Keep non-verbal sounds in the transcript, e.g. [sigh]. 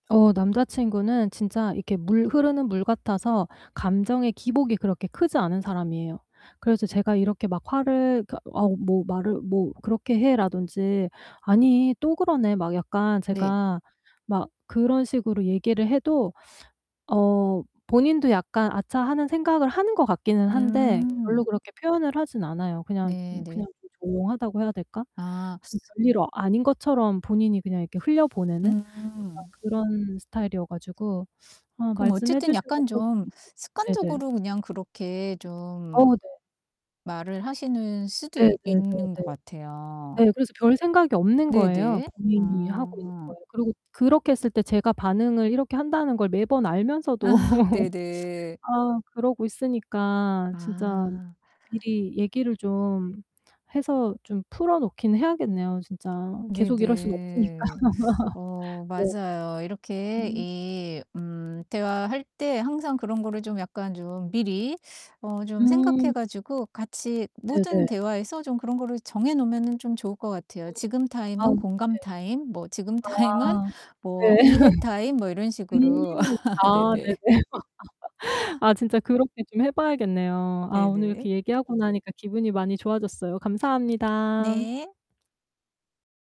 어 남자친구는 진짜 이렇게 물 흐르는 물 같아서 감정의 기복이 그렇게 크지 않은 사람이에요. 그래서 제가 이렇게 막 화를 그러니까 어우 뭐 "말을 뭐 그렇게 해."라든지 "아니 또 그러네." 막 약간 네. 제가 막 그런 식으로 얘기를 해도 어 본인도 약간 '아차.' 하는 생각을 하는 것 같기는 한데 별로 음. 그렇게 표현을 하진 않아요. 그냥 네 음 네. 그냥 좀 조용하다고 해야 될까? 아. 그냥 별일 아닌 것처럼 본인이 그냥 이렇게 흘려보내는 약간 음. 그런 스타일이어 가지고 아 그럼 말씀해 어쨌든 주셔서 약간 좀 [unintelligible] 네네. 습관적으로 그냥 그렇게 좀 어우 네. 말을 하시는 수도 네 있 네 네 있는 네. 것 같아요. 네 그래서 별 생각이 없는 네 거예요, 네. 본인이 하고 있는 음. 거에. 그리고 그렇게 했을 때 제가 반응을 이렇게 한다는 걸 매번 알면서도 아 [laughs] 네네. 아 그러고 있으니까 진짜 아. 미리 얘기를 좀 해서 좀 풀어 놓긴 해야겠네요, 진짜. 계속 이럴 순 없으니까. 네네. [laughs] 어 네. 맞아요. 이렇게 음. 이 음 대화할 때 항상 그런 거를 좀 약간 좀 미리 어 좀 음. 생각해 가지고 같이 모든 네네. 대화에서 좀 그런 거를 정해 놓으면은 좀 좋을 것 같아요. 음. 지금 아우 타임은 네. 공감 타임 뭐 지금 타임은 아 뭐 네. 이해 타임 뭐 이런 [laughs] 식으로. 음 [laughs] 아 네네. 네네. [laughs] 아 진짜 그렇게 좀 해 봐야겠네요. 아 오늘 네네. 이렇게 얘기하고 나니까 기분이 많이 좋아졌어요. 감사합니다. 네.